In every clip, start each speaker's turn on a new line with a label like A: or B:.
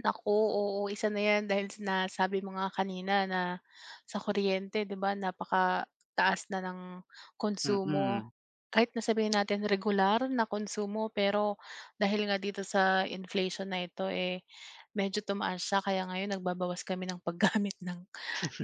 A: Naku, oo. Isa na 'yan dahil nasabi mo nga kanina na sa kuryente 'di ba, napakataas na ng konsumo.
B: Mm.
A: Kahit na sabihin natin regular na konsumo, pero dahil nga dito sa inflation na ito, eh, medyo tumaas siya. Kaya ngayon nagbabawas kami ng paggamit ng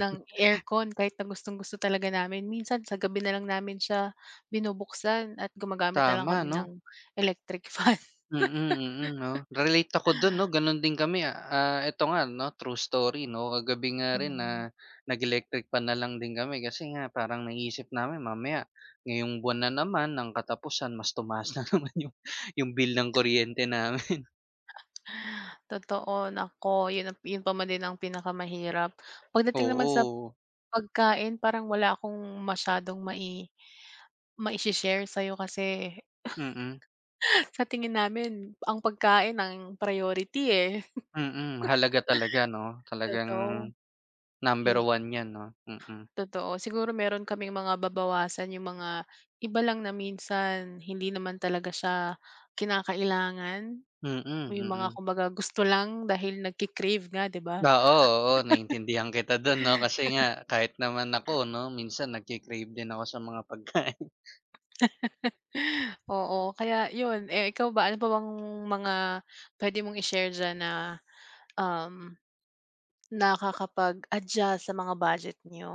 A: ng aircon kahit na gustong-gusto talaga namin. Minsan sa gabi na lang namin siya binubuksan at gumagamit na lang
B: Tama
A: kami ng
B: 'no.
A: electric fan.
B: Mm, mm, 'no. Relate ako dun 'no, ganun din kami, ah, ah, eto nga 'no, true story 'no. Kagabi nga rin,
A: Mm.
B: ah, nag-electric fan na lang din kami kasi nga parang naiisip namin mamaya, ngayong buwan na naman, ang katapusan mas tumaas na naman 'yong bill ng kuryente namin.
A: Totoo. Naku, 'yun na 'yun pa man din ang pinakamahirap. Pagdating naman sa
B: Oo.
A: pagkain parang wala akong masyadong mai mai-shi-share sa'yo kasi
B: Mm.
A: sa tingin namin ang pagkain ang priority, eh.
B: Mm, mahalaga talaga 'no. Talagang,
A: Totoo.
B: number
A: Eh
B: 1 'yan 'no, mm.
A: Totoo. Siguro meron kaming mga babawasan yung mga iba lang na minsan hindi naman talaga siya kinakailangan.
B: Mm,
A: Yung mga
B: mm.
A: kumbaga gusto lang dahil nagki-crave nga, 'di ba.
B: Oo, oo. Naiintindihan kita dun 'no kasi nga kahit naman ako 'no, minsan nagki-crave din ako sa mga pagkain.
A: Oo. Kaya 'yun. Eh, ikaw ba, ano pa bang mga puwede mong i-share diyan na, um, nakakapag-adjust sa mga budget niyo.